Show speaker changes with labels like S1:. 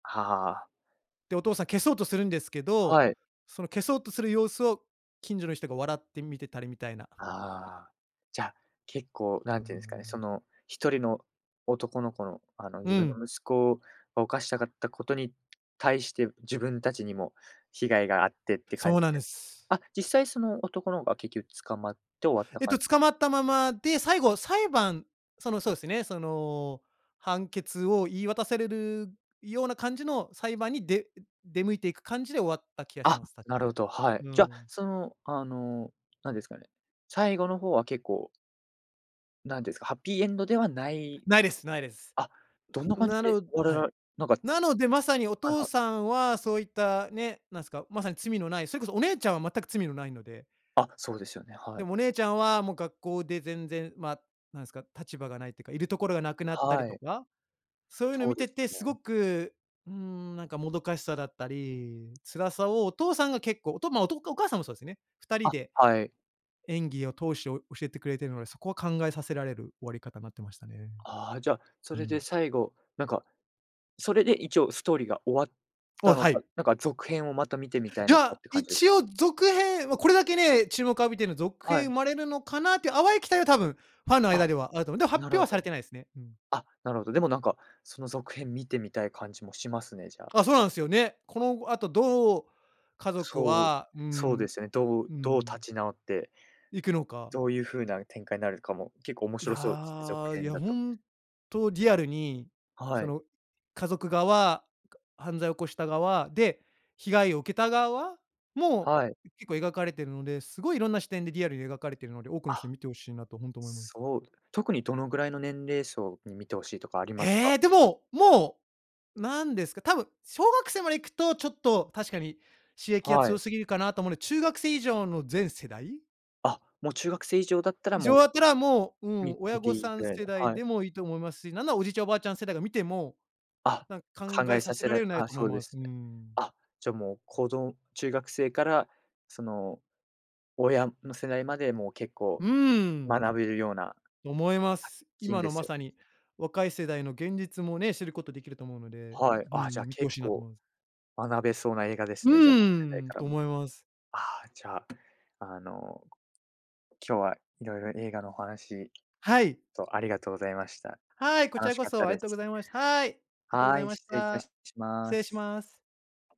S1: はあ。
S2: で、お父さん消そうとするんですけど、
S1: はい。
S2: その消そうとする様子を近所の人が笑って見てたりみたいな。
S1: ああ。じゃ、結構
S2: うー
S1: 何て言うんですかね、
S2: ん。
S1: その1人の男の子の、あの、
S2: う
S1: 自分
S2: ん。
S1: の息子を犯したかった事に対して、自分達にも被害があってって感
S2: そ
S1: じ
S2: うなん
S1: で。
S2: です。
S1: あ、実際その男の子が、結局捕まって終わった
S2: えっ
S1: 感
S2: と、
S1: じ？
S2: 捕まったままで、最後、裁判、そのそうですね、その判決を言い渡されるような感じの裁判に、で出向いて行く感じで終わった気がし
S1: あ、
S2: ます、確
S1: な
S2: か。
S1: るほど、はい。
S2: う
S1: じゃ、
S2: ん。
S1: その、あの、何ですかね、最後の方は結構何ですか、ハッピーエンドではない
S2: ないです、ないです。
S1: あ、どんな感じ
S2: な
S1: で
S2: の
S1: 終わ
S2: は
S1: ら
S2: い。
S1: らなんか
S2: なので、まさにお
S1: はい
S2: 父
S1: はい。
S2: さんはそう言ったね、なんですか、まさに罪のない、それこそ、お姉ちゃんは全く罪のないので。
S1: あ、そうですよね、は
S2: で
S1: い。
S2: もお姉ちゃんは、もう学校で全然、ま、何ですか、立場がないって言うか、いるところがなくなったり
S1: は
S2: と
S1: い。
S2: か、そう言うの
S1: そう
S2: 見
S1: で
S2: て
S1: す
S2: て、
S1: よ
S2: 凄
S1: ね。
S2: く、うーん、なんかもどかしさだったり、辛さをお父さんが結構、おとおとおかお母さんもそうですね。二人
S1: あ、
S2: で
S1: はい。
S2: 演技を通して教えてくれているので、そこは考えさせられる終わり方になってましたね。
S1: ああ、じゃ、そ
S2: うー
S1: れで
S2: ん。
S1: 最後、なんか、それで一応ストーリーが終わっ
S2: お、
S1: たの
S2: は
S1: か、
S2: い。
S1: なんか、続編をまた見てみたい
S2: い
S1: のか
S2: や、
S1: って感じです
S2: 一
S1: か？
S2: 応続編は、これだけね、注目を浴びてるの続
S1: は
S2: 編生
S1: い。
S2: まれるのかなって言う、淡い期待は、多分ファンの間
S1: あ、
S2: ではあると思う。でも発
S1: なる
S2: 表
S1: ほ
S2: はされ
S1: ど。
S2: てないですね。うん。
S1: あ、なるほど。でもなんか、その続編見てみたい感じもしますね、じゃあ。
S2: あ、そうなんですよね。この後、あとどう家族
S1: そう、
S2: は、うー
S1: そう
S2: ん。
S1: ですよね。ど
S2: う
S1: う
S2: ー
S1: どう立
S2: ん。
S1: ち直って
S2: 行くのか。
S1: どう言う風な展開になるかも、結構面
S2: い
S1: 白そうですね、続
S2: や、い
S1: 編
S2: や
S1: だと。
S2: 本当リアルに、
S1: は
S2: そ
S1: い。
S2: の家族側、犯罪を起こした側で、被害を受けた側も、
S1: はい。
S2: 結構描かれているので、凄い色んな視点でリアルに描かれているので、多くの人に
S1: あ、
S2: 見て欲しいなと本当思います。
S1: そう。特にどのぐらいの年齢層に見て欲しいとかあります
S2: え
S1: か？
S2: え、でも、もう、何ですか、多分小学生まで行くと、ちょっと確かに刺激が
S1: は
S2: 強
S1: い。
S2: すぎるかなと思うんで、中学生以上の全世代
S1: あ、もう中学生以上だったら、
S2: 以
S1: も
S2: 上
S1: う、
S2: だったら、もう、う
S1: み
S2: ん、親
S1: 見て
S2: 御
S1: 良い
S2: さ
S1: く
S2: ん
S1: らいの。
S2: 世代
S1: はい。
S2: でも良いと思いますし、なんなら、おじいちゃん、おばあちゃん世代が見ても、
S1: あ、
S2: なんか考
S1: 考
S2: え
S1: え
S2: さ
S1: さ
S2: せ
S1: せ
S2: られ
S1: ら
S2: る内容だ
S1: あ、
S2: と思
S1: そ
S2: い
S1: うで
S2: ます。
S1: す
S2: う
S1: ね。
S2: ん。
S1: あ、じゃ、もう、こど中学生から、その親の世代まで、もう結
S2: う
S1: 構
S2: ーん。
S1: 学べるような、
S2: と思いま
S1: [unintelligible]
S2: す。
S1: きん
S2: 今
S1: で
S2: の
S1: す
S2: ま
S1: よ
S2: さ
S1: ね。
S2: に若い世代の現実もね、知る事出来ると思うので、
S1: はい。
S2: う
S1: あ、じゃあ、
S2: ん、見て欲
S1: 結
S2: しいなと思
S1: 構
S2: います。
S1: 学べそうな映画で
S2: う
S1: すね、じゃあ、どの世代
S2: ーん、
S1: から
S2: と
S1: も。
S2: 思います。
S1: ああ、じゃあ、あの、今日は色々映画のお話
S2: はい。
S1: とありがとうございました。
S2: はい、こち
S1: 楽
S2: ら
S1: し
S2: こ
S1: かっ
S2: そ、
S1: た
S2: あ
S1: で
S2: り
S1: す。
S2: がとうございました。はい、ありがとうご
S1: は
S2: ざい
S1: ーい、
S2: まし
S1: 失礼いた
S2: た。
S1: し
S2: 失
S1: ま
S2: 礼し
S1: す。
S2: ます。